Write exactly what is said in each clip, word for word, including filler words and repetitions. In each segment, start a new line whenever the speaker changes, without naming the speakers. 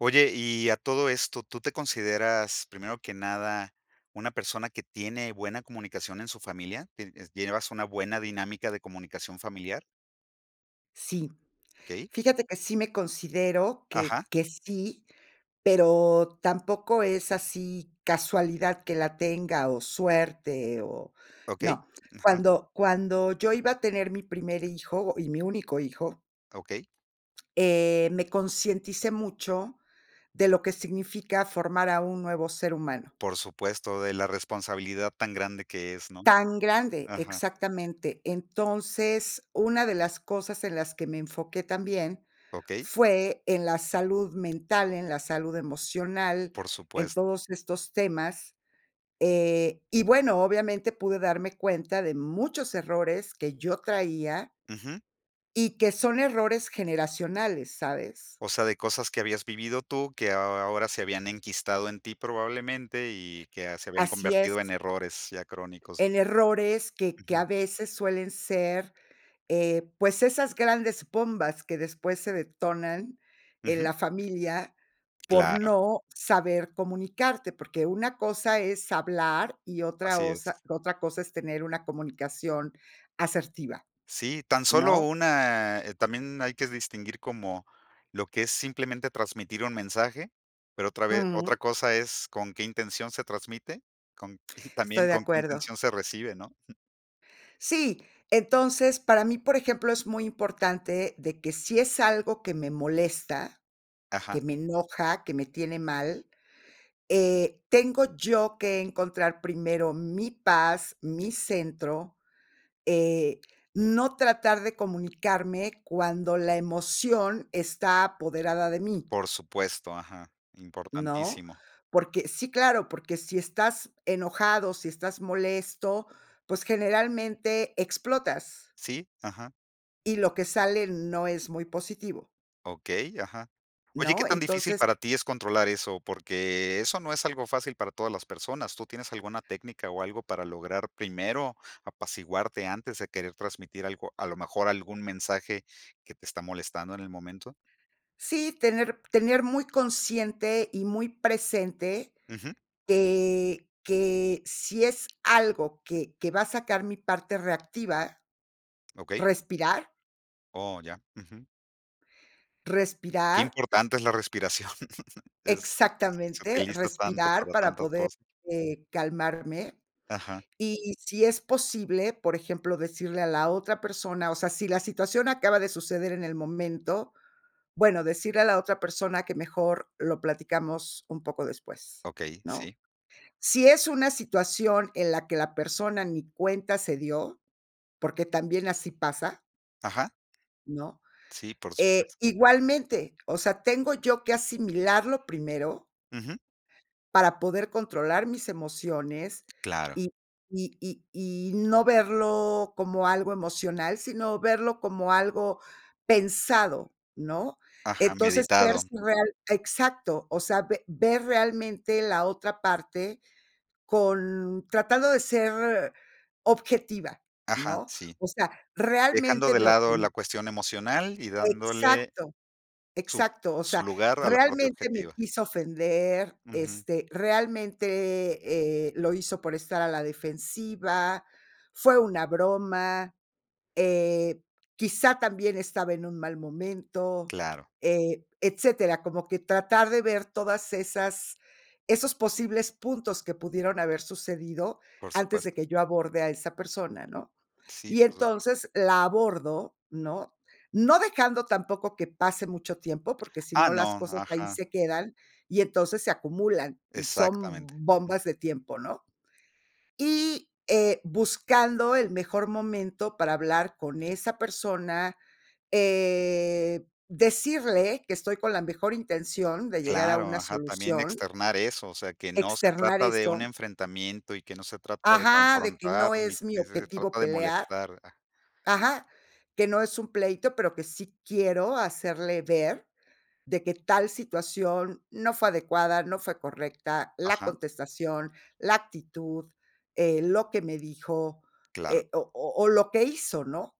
Oye, y a todo esto, ¿tú te consideras, primero que nada, una persona que tiene buena comunicación en su familia? Tienes ¿llevas una buena dinámica de comunicación familiar?
Sí,
Okey.
fíjate que sí me considero que
Ajá.
que sí, pero tampoco es así casualidad que la tenga, o suerte, o
Okey.
no.
Ajá.
Cuando cuando yo iba a tener mi primer hijo y mi único hijo
Okey.
eh, me concienticé mucho de lo que significa formar a un nuevo ser humano.
Por supuesto, de la responsabilidad tan grande que es, ¿no?
Tan grande,
Ajá.
exactamente. Entonces, una de las cosas en las que me enfoqué también
Okey.
fue en la salud mental, en la salud emocional,
Por
en
supuesto.
todos estos temas, eh, y bueno, obviamente pude darme cuenta de muchos errores que yo traía
Ujú.
y que son errores generacionales, ¿sabes?
O sea, de cosas que habías vivido tú, que a aho ahora se habían enquistado en ti, probablemente, y que, ah, se habían
Así
convertido en
es.
errores ya crónicos.
En errores que que
Ujú.
a veces suelen ser, eh, pues, esas grandes bombas que después se detonan en
Ujú.
la familia por
Claro.
no saber comunicarte, porque una cosa es hablar y otra
Así es.
osa otra cosa es tener una comunicación asertiva
Sí, tan solo
¿no?
una eh, también hay que distinguir, como lo que es simplemente transmitir un mensaje, pero otra ve otra
Ujú.
cosa es con qué intención se transmite, con y también
Estoy de
con qué
acuerdo.
intención se recibe, ¿no?
Sí, entonces, para mí, por ejemplo, es muy importante de que si es algo que me molesta,
Ajá.
que me enoja, que me tiene mal, eh, tengo yo que encontrar primero mi paz, mi centro, eh, no tratar de comunicarme cuando la emoción está apoderada de mí
Por supuesto, ajá,
¿no?
importantísimo.
Porque sí, claro, porque si estás enojado, si estás molesto, pues, generalmente, explotas
Sí, ajá.
y lo que sale no es muy positivo
Okey, ajá. Oye, ¿qué
¿no?
tan difícil
Entonces
para ti es controlar eso? Porque, eso no es algo fácil para todas las personas, ¿tú tienes alguna técnica, o algo para lograr primero apaciguarte antes de querer transmitir algo, a lo mejor algún mensaje que te está molestando en el momento?
Sí, tener tener muy consciente, y muy presente
Ujú.
te que si es algo que que va a sacar mi parte reactiva,
Okey.
respirar.
Oh, ya, ujú. Qué
Respirar
importante es la respiración. Este, se
Exactamente,
utiliza tanto
respirar
para
para
tantas
poder,
cosas.
eh, calmarme,
Ajá.
y si es posible, por ejemplo, decirle a la otra persona, o sea, si la situación acaba de suceder en el momento, bueno, decirle a la otra persona que mejor lo platicamos un poco después,
Okey,
¿no?
sí.
Si es una situación, en la que la persona ni cuenta se dio, porque también así pasa
Ajá.
¿no?
Sí, por
Eh,
supuesto.
igualmente, o sea, tengo yo que asimilarlo primero
Ujú.
para poder controlar mis emociones
Claro.
y y y y no verlo como algo emocional, sino verlo como algo pensado, ¿no?
Ajá,
Entonces,
meditado.
sers real exacto, o sea, ve ver realmente la otra parte, con tratando de ser objetiva,
Ajá,
¿no?
sí.
O sea,
Dejando
realmente
de
me
lado la
ofen
cuestión emocional y dándole
Exacto,
su
exacto. O
su
sea,
lugar a la parte
realmente me
objetiva.
quiso ofender,
Ujú.
este, realmente, eh, lo hizo por estar a la defensiva, fue una broma, eh, quizá también estaba en un mal momento
Claro.
eh, etcétera, como que tratar de ver todas esas esos posibles puntos que pudieron haber sucedido
Por
antes de
supuesto.
que yo aborde a esa persona, ¿no?
Sí,
Y
por supues
entonces, la abordo, ¿no? No dejando tampoco que pase mucho tiempo, porque, si
Ah,
no las
no,
cosas ahí
ajá.
se quedan, y entonces se acumulan, y
Exactamente.
son
Ujú.
bombas de tiempo, ¿no? Y, eh, buscando el mejor momento para hablar con esa persona, eh, decirle que estoy con la mejor intención de llegar a
Claro,
una
ajá, también
solución
externar eso, o sea, que no se
externar
trata de un
eso
enfrentamiento y que no se trata de
Ajá, de que
confrontar
no
ni
es mi
ni se
objetivo
trata de
pelear,
molestar a
ajá, que no es un pleito, pero, que sí quiero hacerle ver de que tal situación no fue adecuada, no fue correcta, la
Ajá.
contestación, la actitud, eh, lo que me dijo,
Claro.
eh, o o o lo que hizo, ¿no?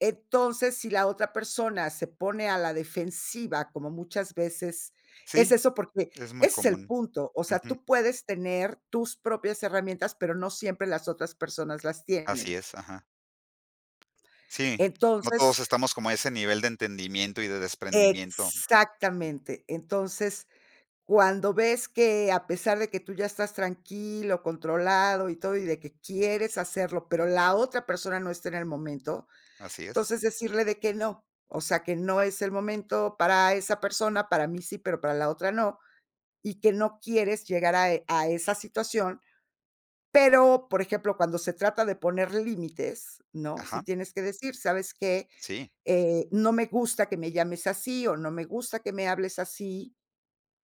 Entonces, si la otra persona se pone a la defensiva, como muchas veces,
Sí,
es eso porque
es muy
es el
común.
punto, o sea,
Ujú.
tú puedes tener tus propias herramientas, pero, no siempre las otras personas las
Así
tienen
es, ajá. Sí, no todos
entonces
estamos como a ese nivel de entendimiento y de desprendimiento. Mm.
Exactamente. Entonces, cuando ves que a pesar de que tú ya estás tranquilo, controlado y todo, y de que quieres hacerlo, pero, la otra persona no está en el momento,
Así es.
entonces decirle de que no. O sea, que no es el momento para esa persona, para mí sí, pero, para la otra no, y que no quieres llegar a e a esa situación. Pero, por ejemplo, cuando se trata de poner límites, ¿no? Si
Ajá.
tienes que decir: "¿Sabes qué?
Sí.
Eh, no me gusta que me llames así, o no me gusta que me hables así,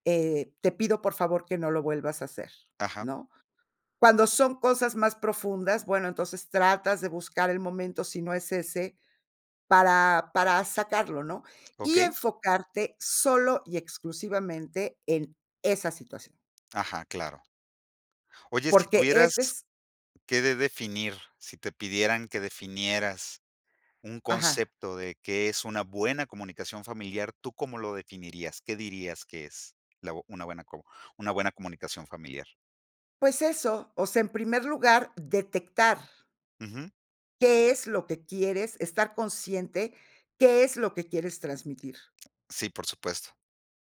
eh, te pido, por favor, que no lo vuelvas a hacer",
Ajá.
¿no? Cuando son cosas más profundas, bueno, entonces tratas de buscar el momento si no es ese, para para sacarlo, ¿no? Y
Okey.
enfocarte solo y exclusivamente en esa situación.
Ajá, claro. Oye, si
Porque ese
tuvieras
es
que de definir, si te pidieran que definieras un
Ajá.
concepto de, ¿que es una buena comunicación familiar, tú cómo lo definirías? ¿Qué dirías que es, la bo una buena co una buena comunicación familiar?
Pues eso, o sea, en primer lugar, detectar
Ujú.
qué es lo que quieres estar consciente, qué es lo que quieres transmitir.
Sí, por supuesto.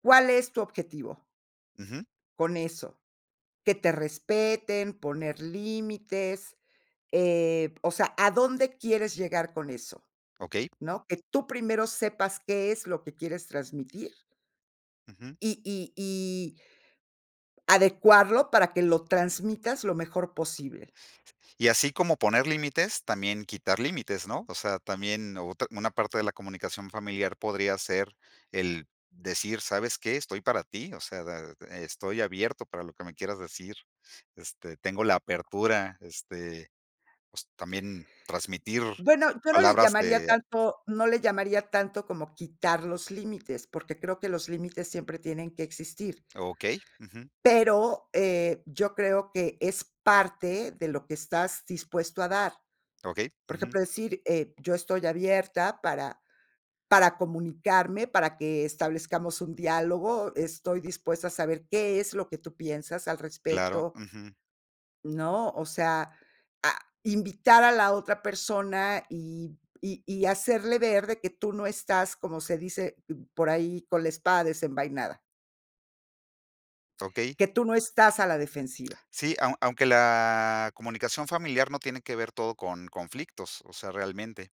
¿Cuál es tu objetivo?
Ujú.
Con eso, que te respeten, poner límites, eh, o sea, ¿a dónde quieres llegar con eso?
Okey.
¿No? Que tú primero sepas qué es lo que quieres transmitir.
Ujú.
Y y y adecuarlo para que lo transmitas lo mejor posible.
Y así como poner límites, también quitar límites ¿no? O sea también, o ut una parte de la comunicación familiar podría ser el decir: "¿Sabes qué? Estoy para ti, o sea da de estoy abierto para lo que me quieras decir, este, tengo la apertura este", pues, también transmitir
Bueno, yo no le
palabras
llamaría
de
tanto no le llamaría tanto como quitar los límites, porque, creo que los límites siempre tienen que existir
Okey, ujú.
pero, eh, yo creo que es parte de lo que estás dispuesto a dar.
Okey
Por
ujú.
ejemplo, decir, eh: "yo estoy abierta para para comunicarme, para que establezcamos un diálogo, estoy dispuesta a saber qué es lo que tú piensas al
Claro,
respecto".
ujú.
¿No? O sea, a invitar a la otra persona, y y y hacerle ver de que tú no estás como se dice por ahí, con la espada desenvainada.
Okey.
Que tú no estás a la defensiva.
Sí, aun aunque la comunicación familiar no tiene que ver todo con conflictos, o sea, realmente.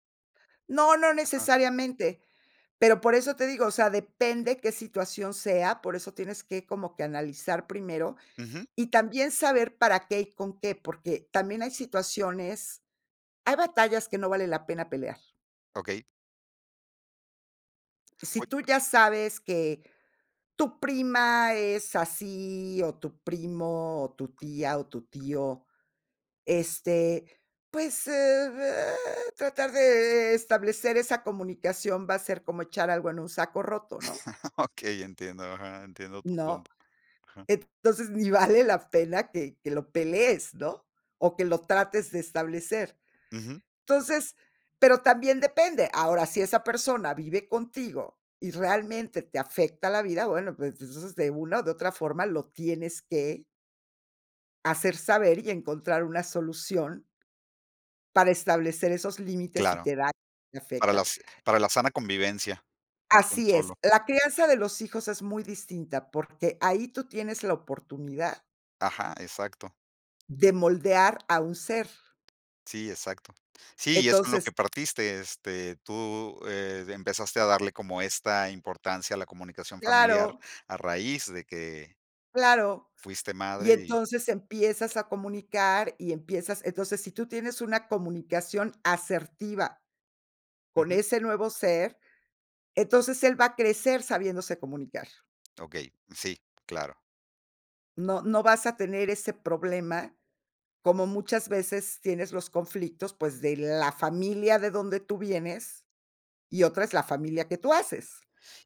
No, no
Ajá.
necesariamente, pero, por eso te digo, o sea, depende qué situación sea, por eso tienes que como que analizar primero,
Ujú.
y también saber para qué y con qué, porque, también hay situaciones, hay batallas que no vale la pena pelear.
Okey.
Si
Oye
tú ya sabes que tu prima es así, o tu primo, o tu tía, o tu tío, este, pues, ah, tratar de, eh, establecer esa comunicación va a ser como echar algo en un saco roto, ¿no?
Okey, entiendo, ajá, entiendo tu
¿no?
punto. Ajá.
Entonces, ni vale la pena que que lo pelees, ¿no? O que lo trates de establecer.
Ujú.
Entonces, pero, también depende. Ahora, si esa persona vive contigo, y realmente te afecta la vida, bueno, pues, entonces, de una o de otra forma lo tienes que hacer saber y encontrar una solución para establecer esos límites, si
Claro,
te da, y te
para
afecta.
las para la sana convivencia, un
Así es,
solo
la crianza de los hijos es muy distinta, porque, ahí tú tienes la oportunidad
Ajá, exacto.
de moldear a un ser
Sí, exacto. Sí, y es con lo
entonces
que partiste, este, tú, eh, de empezaste a darle como esta importancia a la comunicación familiar
Claro.
a raíz de que
Claro.
fuiste
Y
madre y
entonces empiezas a comunicar, y empiezas, entonces, si tú tienes una comunicación asertiva con
Ujú.
ese nuevo ser, entonces él va a crecer sabiéndose comunicar.
Ok, sí, claro.
No no vas a tener ese problema, como muchas veces tienes los conflictos, pues, de la familia de donde tú vienes, y otra es la familia que tú haces.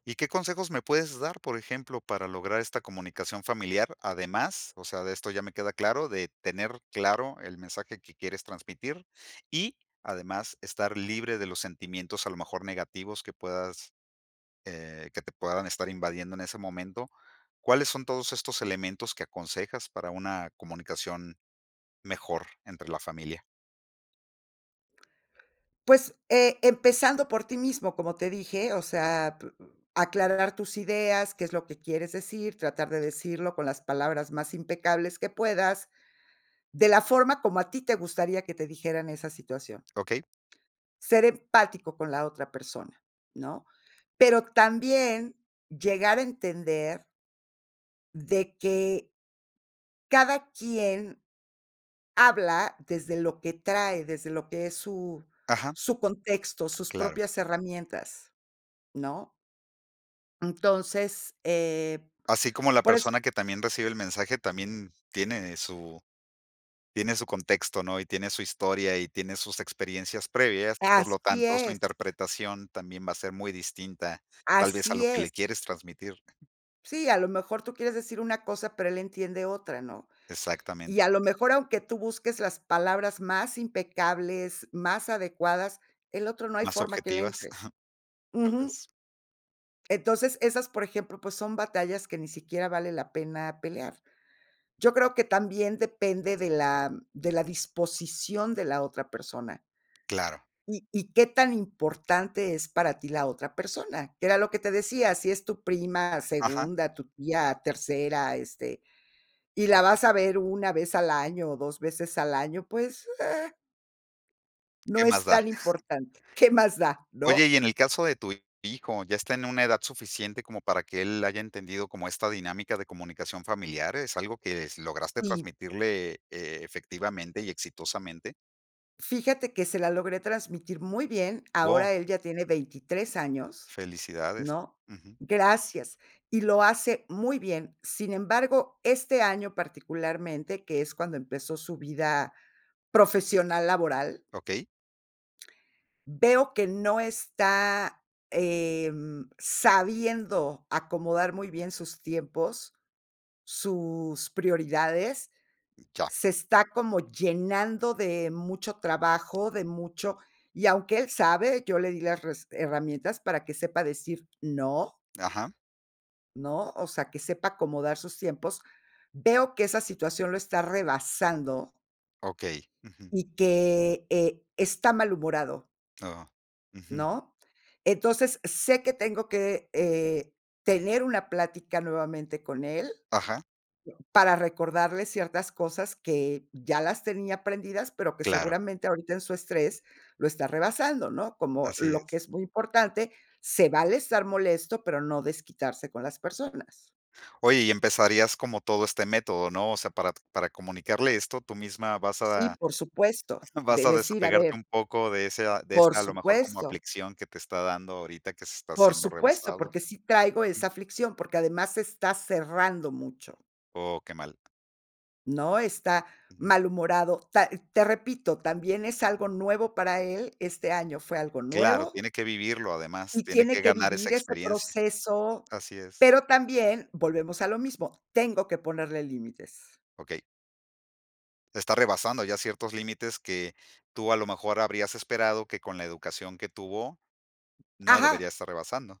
¿Y qué consejos me puedes dar, por ejemplo, para lograr esta comunicación familiar? Además, o sea, de esto ya me queda claro, de tener claro el mensaje que quieres transmitir. Y además, estar libre de los sentimientos, a lo mejor negativos, que puedas, eh, que te puedan estar invadiendo en ese momento, ¿cuáles son todos estos elementos que aconsejas para una comunicación mejor entre la familia?
Pues, eh, empezando por ti mismo, como te dije, o sea p uh aclarar tus ideas, qué es lo que quieres decir, tratar de decirlo con las palabras más impecables que puedas, de la forma como a ti te gustaría que te dijeran esa situación.
Okey.
Ser empático con la otra persona, ¿no? Pero, también llegar a entender de que cada quien habla desde lo que trae, desde lo que es su
Ajá.
su contexto, sus
Claro.
propias herramientas, ¿no? Entonces, eh,
Así como la
por eso
persona que también recibe el mensaje, también tiene su tiene su tiene su contexto, ¿no? Y tiene su historia y tiene sus experiencias previas. Por lo
Así
tanto, su
es.
interpretación también va a ser muy distinta, tal vez, a lo
Así
que le
es.
quieres transmitir.
Sí, a lo mejor tú quieres decir una cosa, pero, él entiende otra, ¿no?
Exactamente.
Y a lo mejor, aunque tú busques las palabras más impecables, más adecuadas, el otro no hay
Más
forma que le
objetivas,
entre.
tal
Ujú.
vez.
Entonces, esas, por ejemplo, pues, son batallas que ni siquiera vale la pena pelear. Yo creo que también depende de la de la disposición de la otra persona
Claro.
y y qué tan importante es para ti la otra persona, era lo que te decía, si es tu prima,
Ajá.
segunda, tu tía, tercera, este, y la vas a ver una, vez al año o dos veces al año, pues, eh
Qué
No
más
es
da.
tan importante, qué más da,
Oye,
¿no?
y en el caso de tu hijo, ¿ya está en una edad suficiente, como para que él haya entendido como esta dinámica de comunicación familiar? ¿Es algo que s lograste
Y
transmitirle, eh, efectivamente y exitosamente?
Fíjate que se la logré transmitir muy bien,
Oh.
ahora él ya tiene veintitres años,
Felicidades.
¿no?
Ujú.
Gracias, y lo hace muy bien. Sin embargo, este año particularmente, que es cuando empezó su vida profesional laboral.
Okey.
Veo que no está, em, sabiendo, acomodar muy bien sus tiempos, sus prioridades,
Ya.
se está como llenando de mucho trabajo, de mucho y aunque él sabe, yo le di las res herramientas para que sepa decir: "No"
Ajá.
¿No? O sea, que sepa acomodar sus tiempos. Veo que esa situación lo está rebasando
Okey, ujú.
y que, eh, está malhumorado.
Oh, ujú.
¿No? Entonces, sé que tengo que, eh, tener una plática nuevamente con él,
Ajá.
para recordarle ciertas cosas que ya las tenía aprendidas, pero, que
Claro.
seguramente ahorita en su estrés lo está rebasando, ¿no? Como
Así
lo que
es.
es muy importante, se vale estar molesto, pero, no desquitarse con las personas.
Oye, y empezarías como todo este método, ¿no? O sea, para t para comunicarle esto, tú misma vas
Sí,
a
por supuesto,
vas
de
a
decir, a ver
desapegarte un poco de esa de
Por
esa a lo mejor como
supuesto.
aflicción que te está dando ahorita que se está
Por
haciendo
supuesto,
rebasado.
porque, sí traigo
Ujú.
esa aflicción, porque, además está cerrando mucho
Oh, qué mal.
¿no?, está
Ujú.
malhumorado. Ta te repito, también es algo nuevo para él, este año fue algo
Claro,
nuevo
tiene que vivirlo, además.
y
Tiene que
tiene que
ganar esa
vivir ese
experiencia.
proceso,
Así es.
pero, también volvemos a lo mismo, tengo que ponerle límites.
Okey. Está rebasando ya ciertos límites que tú, a lo mejor, habrías esperado que con la educación que tuvo no debería
Ajá.
estar rebasando.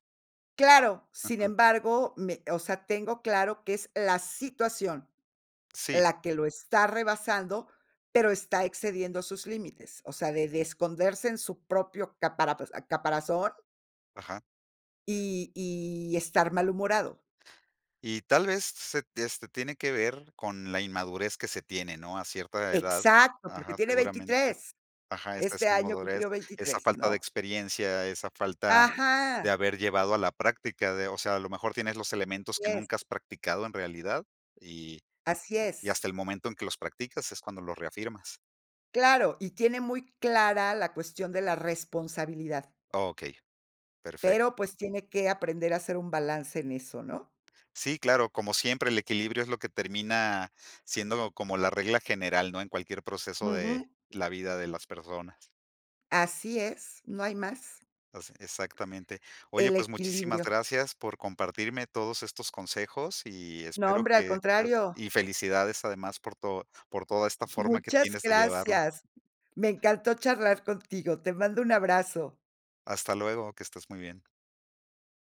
Claro, sin
Ajá.
embargo, me, o sea, tengo claro que es la situación,
Sí.
la que lo está rebasando, pero, está excediendo sus límites, o sea, de de esconderse en su propio capara caparazón
Ajá.
y y estar malhumorado.
Y tal vez se t este, tiene que ver con la inmadurez que se tiene, ¿no? A cierta edad,
Exacto, porque
ajá,
tiene
seguramente,
veintitres.
ajá, esa
Este
esa
año
inmadurez,
cumplió
esa
veintitres,
falta de
¿no?
experiencia, esa falta
Ajá.
de haber llevado a la práctica de, o sea, a lo mejor tienes los elementos
Así
que
es.
nunca has practicado en realidad, y
Así
y
es
hasta el momento en que los practicas es cuando los reafirmas.
Claro, y tiene muy clara la cuestión de la responsabilidad.
Okey. Perfecto.
Pero, pues, tiene que aprender a hacer un balance en eso, ¿no?
Sí, claro. Como siempre, el equilibrio es lo que termina siendo como la regla general, ¿no? En cualquier proceso de
Ujú.
la vida de las personas.
Así es, no hay más
O se exactamente. Oye,
El
pues, muchísimas
equilibrio.
gracias por compartirme todos estos consejos y
No
espero
hombre, al
que tengas
contrario.
y felicidades además por todo por toda esta forma que
Muchas
tienes de llevarlo.
gracias. Me encantó charlar contigo. Te mando un abrazo.
Hasta luego. Que estés muy bien.